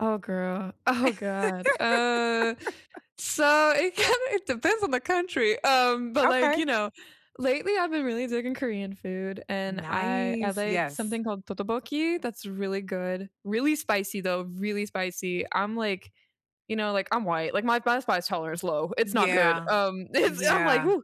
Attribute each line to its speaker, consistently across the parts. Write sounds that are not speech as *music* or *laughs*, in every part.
Speaker 1: Oh, girl. Oh, god. Uh.
Speaker 2: *laughs*
Speaker 1: So, it kinda it depends on the country. Um, but like,
Speaker 2: Okay.
Speaker 1: you know, lately, I've been really digging Korean food, and I I
Speaker 2: Nice.
Speaker 1: like
Speaker 2: Yes.
Speaker 1: something called 떡볶이, that's really good. Really spicy, though, really spicy, I'm, like, you know, like, I'm white, like, my bice spice tolerance is low, it's not good,
Speaker 2: Yeah.
Speaker 1: um, it's I'm like,
Speaker 2: Yeah.
Speaker 1: "Whoo."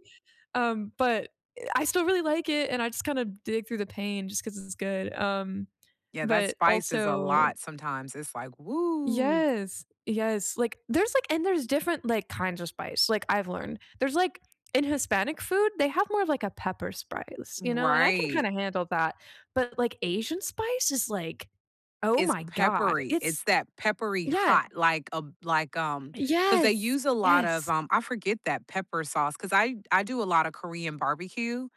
Speaker 1: um, but, I still really like it and I just kind of dig through the pain just 'cause it's good, um,
Speaker 2: Yeah, that
Speaker 1: but,
Speaker 2: spice is a
Speaker 1: also
Speaker 2: lot sometimes. It's like, "Whoo."
Speaker 1: Yes. Yes. Like, there's like and there's different, like, kinds of spice, like, I've learned. There's, like In Hispanic food, they have more of, like, a pepper spice,
Speaker 2: Mm,
Speaker 1: you know, and I can kind
Speaker 2: right.
Speaker 1: of handle that, but, like, Asian spice is like, "Oh,
Speaker 2: It's
Speaker 1: my god."
Speaker 2: peppery, it's
Speaker 1: It's
Speaker 2: that peppery
Speaker 1: Yeah.
Speaker 2: hot, like a b like, um 'Cause they
Speaker 1: Yes.
Speaker 2: use a lot of,
Speaker 1: Yes.
Speaker 2: um I forget that pepper sauce, 'cause I I do a lot of Korean barbecue,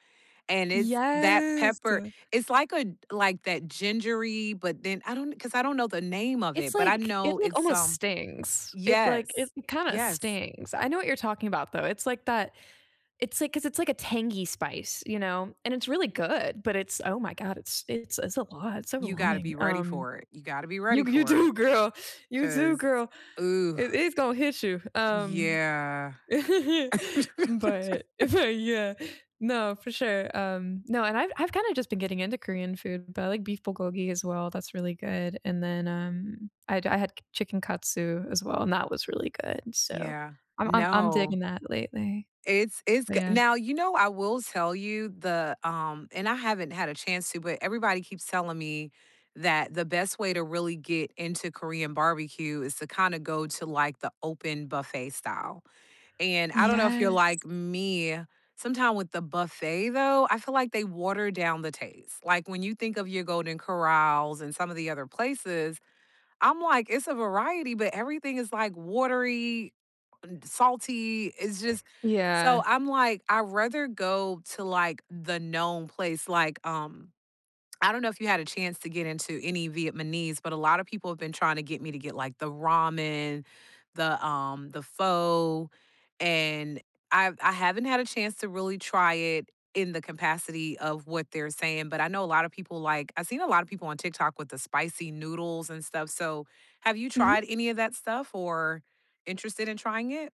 Speaker 2: and it's that
Speaker 1: Yes,
Speaker 2: pepper,
Speaker 1: uh
Speaker 2: it's like a d like that gingery, but then I don't 'Cause I don't know the name of it,
Speaker 1: It's
Speaker 2: but I
Speaker 1: like
Speaker 2: know
Speaker 1: it, like,
Speaker 2: it's,
Speaker 1: almost
Speaker 2: um
Speaker 1: stings, it, like it
Speaker 2: Yes.
Speaker 1: kinda
Speaker 2: Yes.
Speaker 1: stings. I know what you're talking about, though, it's like that it's like 'cause it's like a tangy spice, you know, and it's really good, but it's, oh, my god, it's it's it's a lot, it's
Speaker 2: You gotta be
Speaker 1: overwhelming,
Speaker 2: ready
Speaker 1: um
Speaker 2: for it. You gotta be ready
Speaker 1: You d you
Speaker 2: for it,
Speaker 1: do, girl. You do,
Speaker 2: 'cause,
Speaker 1: girl.
Speaker 2: ooh.
Speaker 1: It it's gonna hit you, um,
Speaker 2: Yeah.
Speaker 1: *chuckles* but
Speaker 2: *laughs*
Speaker 1: if I Yeah. No, for sure, um No, and I've I've kinda just been getting into Korean food, but I like beef 불고기 as well, that's really good, and then, um, I'd I had c chicken katsu as well, and that was really good, so,
Speaker 2: Yeah.
Speaker 1: I'm I'm I'm
Speaker 2: No.
Speaker 1: digging that lately.
Speaker 2: It's it's
Speaker 1: But
Speaker 2: g
Speaker 1: yeah
Speaker 2: Now, you know, I will tell you the, um and I haven't had a chance to, but everybody keeps telling me that the best way to really get into Korean barbecue is to kinda go to, like, the open buffet style, and I don't know if you're like
Speaker 1: Yes.
Speaker 2: me, sometime with the buffet, though, I feel like they water down the taste. Like, when you think of your Golden Corrals and some of the other places, I'm like, "It's a variety, but everything is, like, watery, salty." It's just
Speaker 1: Yeah.
Speaker 2: so I'm like, "I'd rather go to, like, the known place." like, um I don't know if you had a chance to get into any Vietnamese, but a lot of people have been trying to get me to get, like, the ramen, the, um the pho, and I've I haven't had a chance to really try it in the capacity of what they're saying, but I know a lot of people like I've seen a lot of people on TikTok with the spicy noodles and stuff, so have you
Speaker 1: Mhm.
Speaker 2: tried any of that stuff or interested in trying it?